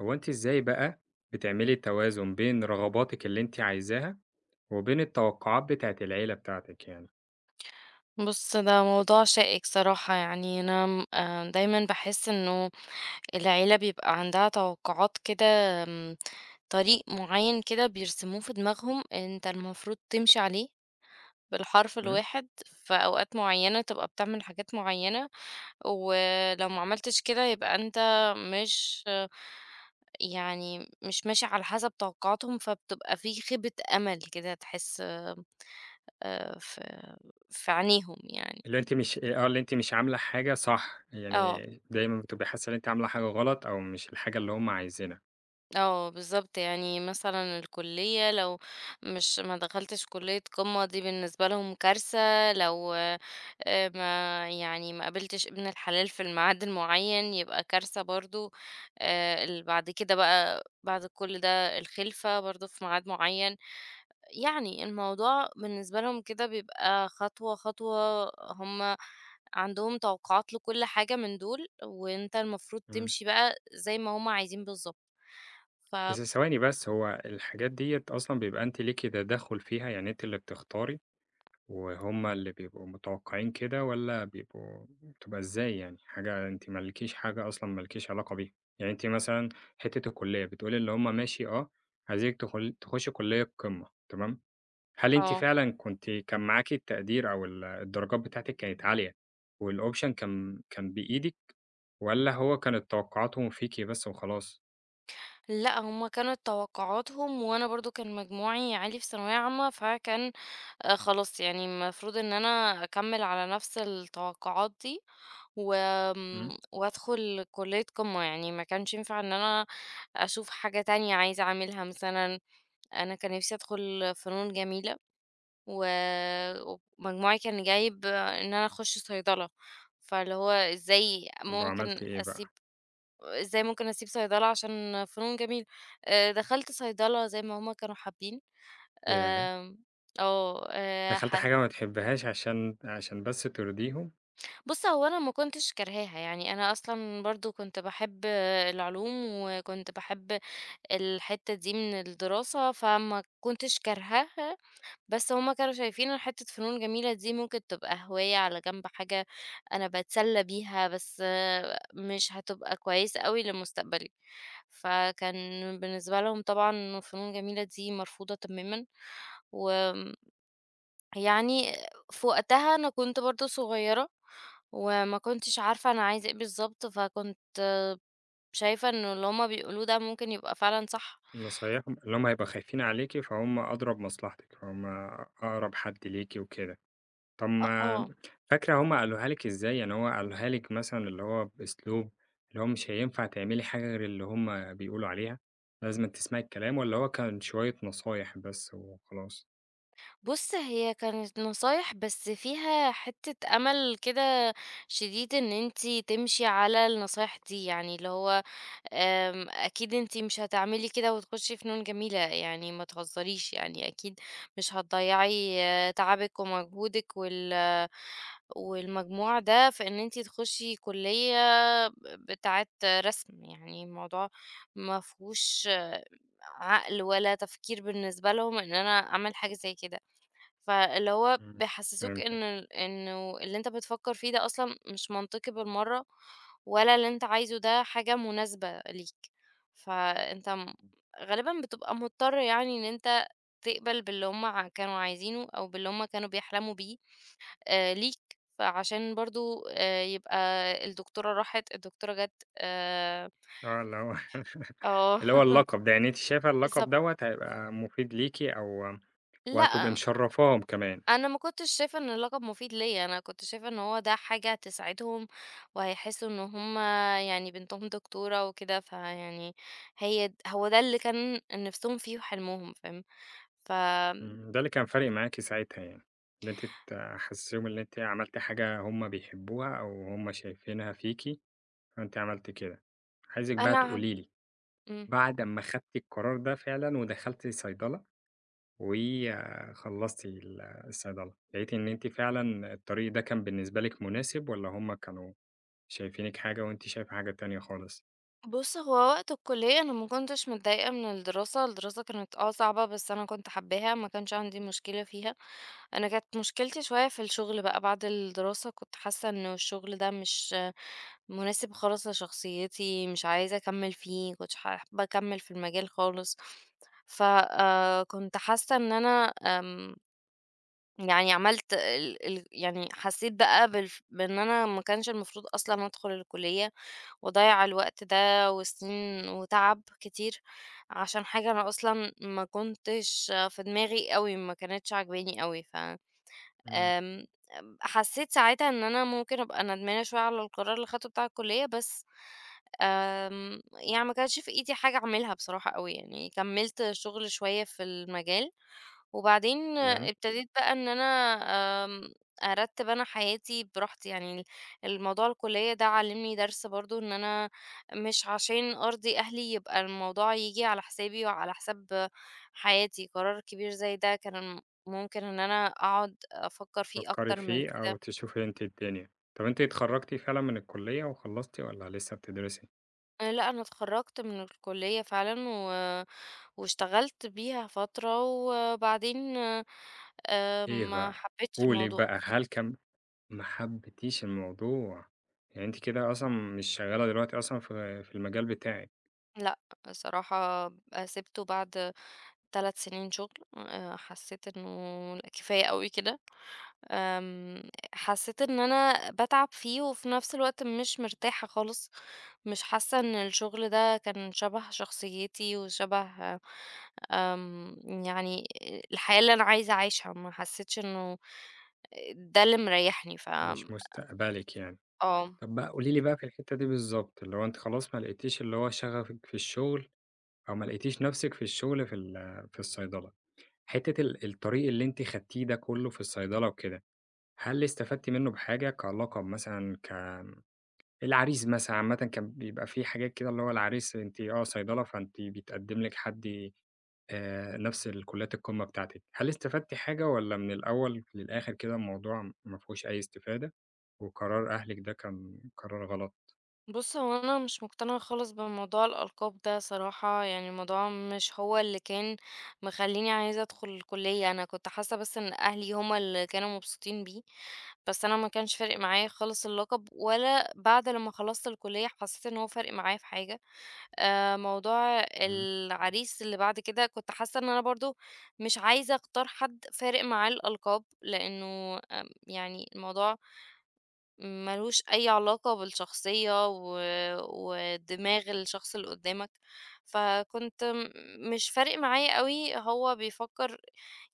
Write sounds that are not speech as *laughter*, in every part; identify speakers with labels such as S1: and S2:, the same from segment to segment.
S1: هو أنتِ ازاي بقى بتعملي التوازن بين رغباتِك اللي أنتِ عايزاها، وبين التوقعات بتاعة العيلة بتاعتِك يعني؟
S2: بُصّ، ده موضوع شائك صراحة يعني أنا آمم دايمًا باحس إنّه العيلة بيبقى عندها توقعات كده، آمم، طريق معيّن كده بيرسموه في دماغهم أنت المفروض تمشي عليه بالحرف
S1: إمم.
S2: الواحد، في أوقات معيّنة تبقى بتعمل حاجات معيّنة، ولو ما عملتش كده يبقى أنت مش يعني مش ماشي على حسب توقعاتهم، فبتبقى فيه خيبة أمل كده تحس آمم ف في عينيهم يعني.
S1: اللي أنتِ مش آه اللي أنتِ مش عاملة حاجة صح،
S2: آه.
S1: يعني دايمًا بتبقي حاسّة إن أنتِ عاملة حاجة غلط أو مش الحاجة اللي هُم عايزينها.
S2: آه، بالضبط، يعني مثلًا الكلية لو مش ما دخلتش كلية قمّة دي بالنسبة لهم كارثة، لو، آآ، ما يعني ما قابلتش ابن الحلال في الميعاد المعيّن يبقى كارثة برضه. آآ، اللي بعد كده بقى بعد كل ده الخِلفة برضه في ميعاد معيّن، يعني الموضوع بالنسبة لهم كده بيبقى خطوة خطوة، هُم عندهم توقعات لكل حاجة من دول، وأنت المفروض
S1: إمم.
S2: تمشي بقى زي ما هُم عايزين بالضبط، ف
S1: بس ثواني بس، هو الحاجات ديّة أصلًا بيبقى أنتِ ليكِ تدخًّل فيها، يعني أنتِ اللي بتختاري وهُم اللي بيبقوا متوقعين كده والّا بيبقوا بتبقى إزاي يعني؟ حاجة أنتِ مالكيش حاجة أصلًا مالكيش علاقة بيها.يعني أنتِ مثلًا حتّة الكلية بتقول اللي هُم ماشي آه عايزينك تخل تخشّي كلية قمّة، تمام، هل أنتِ
S2: آه.
S1: فعلًا كنتِ كان معاكِ التقدير أو ال الدرجات بتاعتِك كانت عالية والoption كان كان بإيدك؟ والّا هو كانت توقعاتهم فيكِ بس وخلاص؟
S2: لأ، هُم كانت توقعاتهُم، وأنا برضه كان مجموعي عالي في ثانوية عامة، فكان خلاص يعني المفروض إن أنا أكَمِّل على نَفس التوقعات دي،
S1: امم.
S2: وآمم وأدخُل كلية قِمَّة يعني، ما كانش ينفع إن أنا أشوف حاجة تانية عايزة أعملها مثلًا، أنا كان نفسي أدخُل فنون جميلة، ومجموعي كان جايب إن أنا أخُش صيدلة، فاللي هو إزّاي
S1: طب
S2: ممكن
S1: عملتِ إيه بقى؟
S2: أسيب إزّاي ممكن أسيب صيدلة عشان فنون جميلة؟! آآ، دَخَلت صيدلة زي ما هُم كانوا حابّين،
S1: ياه!
S2: آمم، آه، آآ،
S1: دخلتِ
S2: حس
S1: حاجة ما بتحبّيهاش عشان عشان بس ترضيهُم؟
S2: بُصّ، هو أنا ما كُنتش كارهاها، يعني أنا أصلًا برضه كُنت باحب العلوم، وكُنت باحب الحتة دي من الدراسة، فما كُنتش كارهاها، بس هُم كانوا شايفين إن حتة فنون جميلة دي ممكن تبقى هواية على جنب، حاجة أنا باتسلّى بيها، بس مش هتبقى كويسة أوي لِمُستقبلي. فكان بالنسبة لهُم طبعًا فنون جميلة دي مرفوضة تمامًا. وآمم يعني في وقتها، أنا كُنت برضه صغيرة، وما كُنتِش عارفة أنا عايزة إيه بالضبط، فكُنت شايِفة إن اللي هُم بيقولوه ده ممكن يبقى فعلًا صح.
S1: نصايِحهُم، اللي هُم هيبقوا خايفين عليكِ، فهُم أدرى بمصلحتِك، هُم آآ أقرب حد ليكِ وكده. طَب
S2: أ
S1: ما
S2: آه.
S1: فاكرة هُم قالوها لِك إزّاي؟ يعني هُم قالوها لِك مثلًا، اللي هو بأسلوب اللي هو مش هينفع تعملي حاجة غير اللي هُم بيقولوا عليها، لازمًا تِسمعي الكلام، والّا هو كان شوية نصايح بس وخلاص؟
S2: بُصّ، هي كانت نصايح، بس فيها حتّة أمل كده شديد، إن أنتِ تمشِي على النصايح دي، يعني اللي هو آمم أكيد أنتِ مش هتعملي كده، وتخشي فنون جميلة يعني، ما تهزريش، يعني أكيد مش هتضيّعي تعبِك، ومجهودِك، وال والمجموع ده، في إن أنتِ تخشِ كلية ب بتاعة رسم. يعني الموضوع ما فيهوش عقل، والّا تفكير بالنسبة لهم، إن أنا أعمل حاجة زي كده. فاللي هو
S1: إمم،
S2: بيحسسوك
S1: فهمتِك.
S2: إن ال إنه اللي أنت بتفكر فيه ده أصلًا مش منطقي بالمرّة، والا اللي أنت عايزه ده حاجة مناسبة ليك. فأنت م غالبًا بتبقى مضطر يعني، إن أنت تقبَل باللي هُم ع كانوا عايزينه، أو باللي هُم كانوا بيحلموا بيه ليك، فعشان برضه يبقى الدكتورة راحِت، الدكتورة جات، آآ
S1: آه اللي هو *chuckles*
S2: آه،
S1: اللي هو اللقب ده يعني أنتِ
S2: *laughs*
S1: شايفة اللقب
S2: بالضبط.
S1: دوّة هيبقى مفيد ليكِ أو وهتبقي
S2: لأ
S1: مشرفاهم كمان.
S2: أنا ما كنتش شايفة إن اللقب مفيد ليّا، أنا كنت شايفة إن هو ده حاجة هتسعدهم، وهيحسوا إن هُم يعني بنتهم دكتورة وكده فيعني هي هو ده اللي كان نِفسهم فيه وحلمهم، فاهم؟ فآمم
S1: إمم، ده اللي كان فارق معاكِ ساعتها يعني، إن أنتِ تحسسيهم إن أنتِ عملتِ حاجة هُم بيحبوها أو هُم شايفينها فيكِ، فأنتِ عملتِ كده. عايزِك بقى
S2: أنا عم
S1: تقولي لي،
S2: إمم.
S1: بعد أمّا خدتِ القرار ده فعلًا ودخلتِ صيدلة، وخلصتِ الصيدلة، لقيتِ إن أنتِ فعلًا الطريق ده كان بالنسبة لِك مناسب والّا هُم كانوا شايفينِك حاجة وأنتِ شايفة حاجة تانية خالص؟
S2: بُص، هو وقت الكلية أنا ما كُنتش متضايقة من الدراسة، الدراسة كانت آه صعبة بس أنا كُنت حابّاها، ما كانش عندي مشكلة فيها. أنا كانت مشكلتي شوية في الشغل بقى بعد الدراسة، كُنت حاسة إنه الشغل ده مش مناسب خالص لشخصيتي، مش عايزة أكمّل فيه، ما كُنتش ح حابة أكمّل في المجال خالص. ف آآ، كُنت حاسة إن أنا، آمم يعني عملت ال ال يعني حسيت بقى بالف بإن أنا ما كانش المفروض أصلًا أدخُل الكلية، وأضَيَّع الوقت ده وسنين وتعب كتير عشان حاجة أنا أصلًا ما كُنتش في دماغي أوي ما كانتش عاجباني أوي، ف
S1: امم.
S2: آمم حسيت ساعتها إن أنا ممكن أبقى ندمانة شوية على القرار اللي خدتُه بتاع الكلية، بس آمم، يعني ما كانش في إيدي حاجة أعملها بصراحة أوي يعني كمّلت شغل شوية في المجال، وبعدين
S1: تمام.
S2: ابتديت بقى إن أنا آمم، أرتب أنا حياتي بِراحتي يعني، الموضوع الكلية ده علمني درس برضه إن أنا مش عشان أرضي أهلي يبقى الموضوع ييجي على حسابي وعلى حساب حياتي، قرار كبير زي ده كان ممكن إن أنا أقعُد أفكر فيه
S1: تفكري
S2: أكتَر من
S1: فيه أو
S2: كده.
S1: تشوفي أنتِ الدنيا. طَب أنتِ اتخَرَّجتِ فعلًا من الكلية وخلّصتِ والّا لسه بتدرسي؟
S2: آآ، لأ، أنا اتخرجت من الكلية فعلًا و واشتغلت بيها فترة، وبعدين، آآ، آآ،
S1: إيه
S2: ما
S1: بقى؟
S2: حبيتش
S1: قولي
S2: الموضوع.
S1: بقى هل كان ما حبتيش الموضوع، يعني أنت كده أصلًاً مش شغالة دلوقتي أصلًاً في، في المجال بتاعِك؟
S2: لأ، بصراحة، آآ، سيبته بعد 3 سنين شغل. آآ، حسيت إنه كفاية أوي كده. آمم، حسيت إن أنا باتعب فيه، وفي نفس الوقت مش مرتاحة خالصk مش حاسة إن الشغل ده كان شبه شخصيتي وشبه آمم، يعني، الحياة اللي أنا عايزة أعيشهاk ما حسيتش إنه ده اللي مريحني، ف
S1: مش مستقبلِك يعني.
S2: آه.
S1: طب بقى قولي لي بقى في الحتة دي بالضبط، اللي هو أنتِ خلاص ما لقيتيش اللي هو شغفِك في الشغل أو ما لقيتيش نفسِك في الشغل في ال في الصيدلة. حتة ال الطريق اللي أنتِ خدتيه ده كله في الصيدلة وكده، هل استفدتِ منه بحاجة كلقب مثلًا ك العريس مثلًا عامةً كان بيبقى فيه حاجات كده اللي هو العريس أنتِ آه صيدلة فأنتِ بيتقدم لِك حد آآ نفس كليات القمة بتاعتِك. هل استفدتِ حاجة والَّا من الأول للآخر كده الموضوع ما فيهوش أي استفادة؟ وقرار أهلِك ده كان قرار غلط؟
S2: بُص، هو أنا مش مقتنعة خالص بموضوع الألقاب ده صراحة، يعني الموضوع مش هو اللي كان مخليني عايزة أدخل الكلية. أنا كنت حاسة بس إن أهلي هُم اللي كانوا مبسوطين بيه، بس أنا ما كانش فارق معايا خالص اللقب، ولا بعد لما خلصت الكلية حسيت إن هو فارق معايا في حاجة. آآ، موضوع
S1: امم.
S2: العريس اللي بعد كده، كنت حاسة إن أنا برضو مش عايزة أختار حد فارق معاه الألقاب، لأنه، آآ، يعني الموضوع ما لهوش أي علاقة بالشخصية و ودماغ الشخص اللي قدامك. فكنت مش فارق معايا أوي هو بيفكر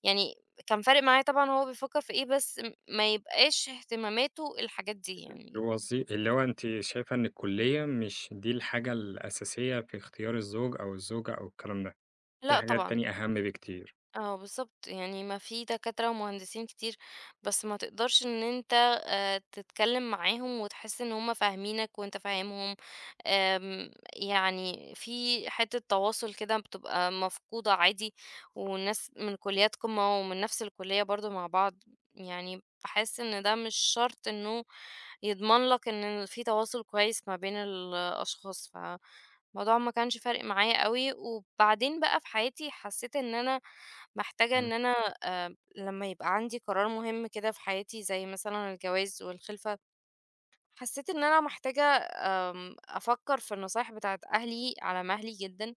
S2: يعني كان فارق معايا طبعًا هو بيفكر في إيه، بس م ما يبقاش اهتماماته الحاجات دي يعني.
S1: الوظي اللي هو أنتِ شايفة إن الكلية مش دي الحاجة الأساسية في اختيار الزوج أو الزوجة أو الكلام ده، فيه
S2: لأ،
S1: حاجات
S2: طبعًا.
S1: تانية أهم بكتير.
S2: آه، بالضبط، يعني ما فيه دكاترة ومهندسين كتير، بس ما تقدرش إن أنت، آآ، تتكلم معاهم وتحس إن هُم فاهمينك وأنت فاهمهم، آمم، يعني فيه حتة تواصل كده بتبقى مفقودة عادي، والناس من كليات قمة ومن نفس الكلية برضو مع بعض، يعني باحس إن ده مش شرط إنه يضمن لك إنه فيه تواصل كويس ما بين الأشخاص، فالموضوع ما كانش فارق معايا أوي. وبعدين بقى في حياتي حسيت إن أنا محتاجة إن
S1: امم.
S2: أنا، آآ، لما يبقى عندي قرار مهم كده في حياتي، زي مثلًا الجواز والخلفة، حسيت إن أنا محتاجة، آآ، أفكر في النصايح بتاعة أهلي على مهلي جدًا،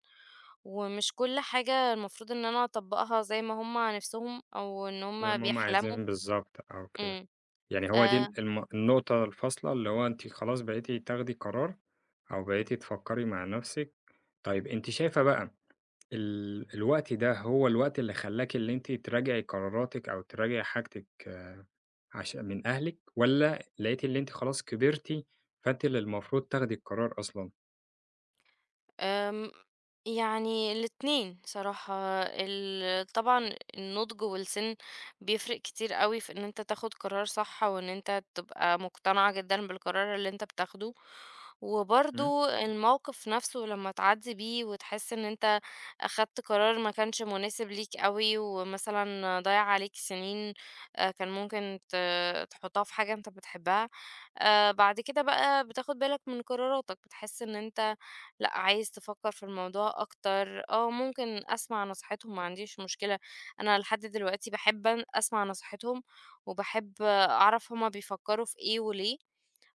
S2: ومش كل حاجة المفروض إن أنا أطبقها زي ما هُم نفسهم أو إن
S1: زي
S2: هُم
S1: ما هُم
S2: بيحلموا.
S1: عايزين بالضبط، آه وكده.
S2: امم.
S1: يعني هو دي ال
S2: آآ
S1: الم النقطة الفاصلة اللي هو أنتِ خلاص بقيتِ تاخدي قرار أو بقيتِ تفكري مع نفسِك. طيب أنتِ شايفة بقى ال الوقت ده هو الوقت اللي خلاكِ اللي أنتِ تراجعي قراراتِك أو تراجعي حاجتِك عش من أهلِك، والَّا لقيتِ إن أنتِ خلاص كبرتِ فأنتِ اللي المفروض تاخدي القرار أصلًا؟
S2: آمم، يعني الاتنين صراحة. ال طبعًا النضج والسن بيفرق كتير أوي في إن أنت تاخد قرار صح أو إن أنت تبقى مقتنع جدًا بالقرار اللي أنت بتاخده.
S1: امم.
S2: وبرضو الموقف نفسه لما تعدّي بيه وتحس إن أنت أخدت قرار ما كانش مناسب ليك أوي، ومثلًا ضيّع عليك سنين، آآ، كان ممكن ت تحطها في حاجة أنت بتحبها، آآ، بعد كده بقى بتاخد بالك من قراراتك، بتحس إن أنت، لأ، عايز تفكر في الموضوع أكتر. آه، ممكن أسمع نصيحتهم، ما عنديش مشكلة. أنا لحد دلوقتي باحب أن أسمع نصيحتهم وباحب أعرف هُم بيفكروا في إيه وليه،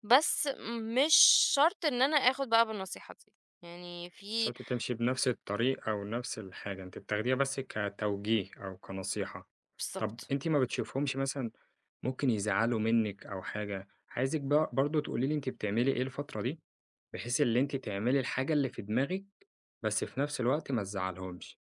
S2: بس مش شرط إن أنا آخد بقى بالنصيحة دي. يعني في
S1: شرط تمشي بنفس الطريق أو نفس الحاجة، أنتِ بتاخديها بس كتوجيه أو كنصيحة. طب
S2: بالضبط.
S1: أنتِ ما بتشوفيهمش مثلًا ممكن يزعّلوا منِك أو حاجة، عايزِك بـق برضو تقولي لي أنتِ بتعملي إيه الفترة دي، بحيث اللي أنتِ تعملي الحاجة اللي في دماغِك بس في نفس الوقت ما تزعليهمش.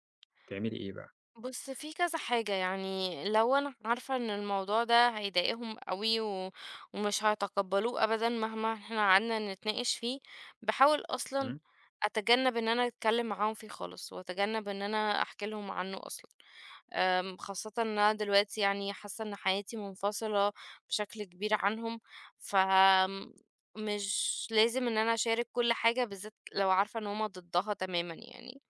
S1: تعملي إيه بقى؟
S2: بُص، فيه كذا حاجة، يعني لو أنا عارفة إن الموضوع ده هيضايقهم أوي و ومش هيتقبلوه أبدًا مهما إحنا قعدنا نتناقش فيه، باحاول أصلًا
S1: امم.
S2: أتجنب إن أنا أتكلم معاهم فيه خالص، وأتجنب إن أنا أحكِ لهم عنه أصلًا. آآ، خاصةً أنا دلوقتي يعني حاسة إن حياتي منفصلة بشكل كبير عنهم، فمش لازم إن أنا أشارك كل حاجة، بالذات لو عارفة إن هُم ضدها تمامًا يعني.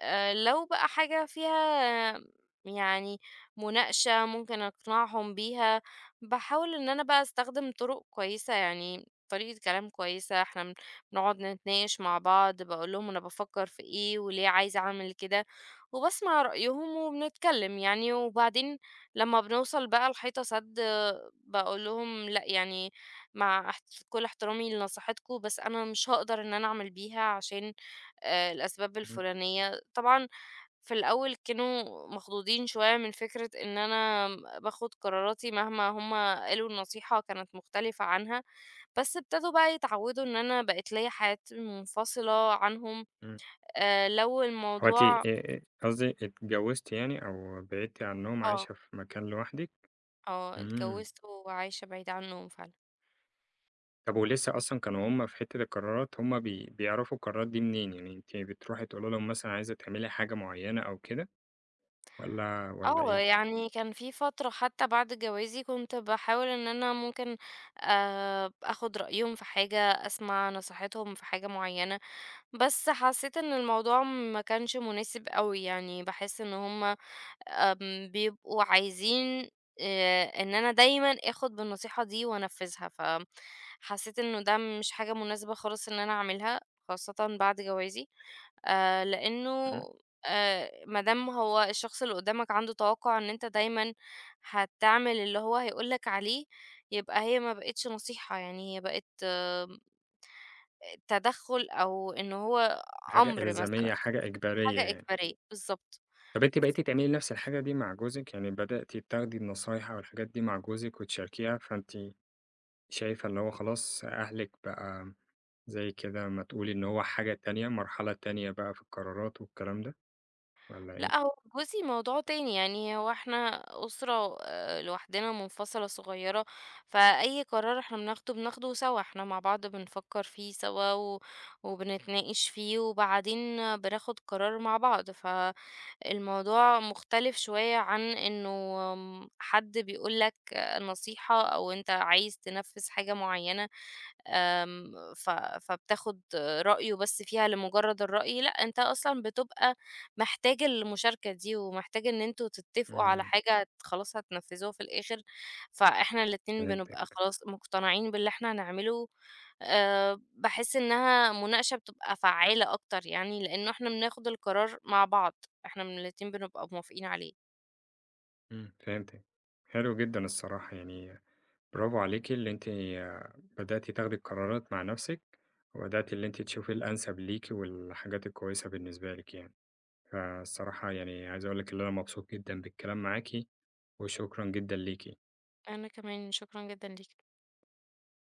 S2: آآ، لو بقى حاجة فيها يعني مناقشة ممكن أقنعهم بيها، باحاول إن أنا بقى أستخدم طرق كويسة، يعني طريقة كلام كويسة، إحنا بنقعد نتناقش مع بعض، باقول لهم أنا بافكر في إيه، وليه عايزة أعمل كده، وباسمع رأيهم وبنتكلم يعني، وبعدين لما بنوصل بقى لحيطة سد، آآ، باقول لهم: "لأ، يعني مع احـت كل احترامي لنصيحتكم، بس أنا مش هاقدر إن أنا أعمل بيها عشان، آآ، الأسباب
S1: امم.
S2: الفلانية." طبعًا في الأول كانوا مخضوضين شوية من فكرة إن أنا باخد قراراتي مهما هُم قالوا النصيحة كانت مختلفة عنها، بس ابتدوا بقى يتعودوا إن أنا بقت ليّا حياتي منفصلة عنهم.
S1: امم.
S2: آآ، لو
S1: هو أنتِ
S2: الموضوع
S1: آآ قصدي اتجوزتِ يعني أو بعدتِ عنهم
S2: آه.
S1: عايشة في مكان لوحدِك؟
S2: آه،
S1: امم.
S2: اتجوزت وعايشة بعيد عنهم فعلًا.
S1: طَب ولسه أصلًا كانوا هُم في حتة القرارات هُم بي بيعرفوا القرارات دي منين، يعني أنتِ بتروحي تقولي لهم مثلًا عايزة تعملي حاجة معيّنة أو كده، والّا، والّا
S2: آه
S1: إيه؟
S2: يعني كان في فترة حتى بعد جوازي كنت باحاول إن أنا ممكن آآ آخُد رأيهم في حاجة، أسمع نصيحتهم في حاجة معيّنة، بس حسّيت إن الموضوع ما كانش مناسب أوي يعني باحس إن هُم آمم بيبقوا عايزين آآ إن أنا دايمًا آخُد بالنصيحة دي وأنفّذها، ف حسّيت إنه ده م مش حاجة مناسبة خالص إن أنا أعملها خاصةً بعد جوازي، آآ لإنه
S1: إمم.
S2: آآ ما دام هو الشخص اللي قدّامك عنده توقُّع إن أنت دايمًا هتعمل اللي هو هيقول لك عليه يبقى هي ما بقتش نصيحة يعني هي بقت آآ تدخُّل أو إنه هو
S1: حاجة
S2: أمر مثلًا،
S1: إلزامية، حاجة إجبارية
S2: حاجة
S1: يعني.
S2: إجبارية بالضبط.
S1: طَب أنتِ بقيتِ تعملي نَفْس الحاجة دي مع جوزِك يعني بدأتِ تاخدي النصايح أو الحاجات دي مع جوزِك وتشاركيها فأنتِ شايفة اللي هو خلاص أهلِك بقى زي كده ما تقولي إن هو حاجة تانية مرحلة تانية بقى في القرارات والكلام ده والّا
S2: لأ
S1: إيه؟
S2: هو جوزي موضوع تاني يعني هو إحنا أُسرة آآ لوحدنا منفصلة صغيّرة، فأي قرار إحنا بناخده بناخده سوا إحنا مع بعض بنفكّر فيه سوا و وبنتناقش فيه وبعدين بناخد القرار مع بعض، فالموضوع مختلف شوية عن إنه م حد بيقول لك نصيحة أو أنت عايز تنفّذ حاجة معيّنة، آمم ف فبتاخُد رأيه بس فيها لمجرّد الرأي لأ أنت أصلًا بتبقى محتاج المشاركة دي ومحتاج إن أنتم تتفقوا على
S1: إمم.
S2: حاجة ت خلاص هتنفّذوها في الآخر، فإحنا الاتنين بنبقى
S1: فهمتِك.
S2: خلاص مقتنعين باللي إحنا هنعمله، آآ باحس إنها مناقشة بتبقى فعّالة أكتر يعني لإنه إحنا بناخد القرار مع بعض إحنا من الاتنين بنبقى موافقين عليه.
S1: إمم فهمتِك، حلو جدًا الصراحة يعني برافو عليكِ اللي أنتِ بدأتِ تاخدي القرارات مع نَفْسِك، وبدأتِ اللي أنتِ تشوفي الأنسب ليكِ والحاجات الكويسة بالنسبة ليكِ يعني، فالصراحة يعني عايز أقول لِك اللي أنا مبسوط جدًا بالكلام معاكِ وشكرًا جدًا ليكِ.
S2: أنا كمان شكرًا جدًا ليك.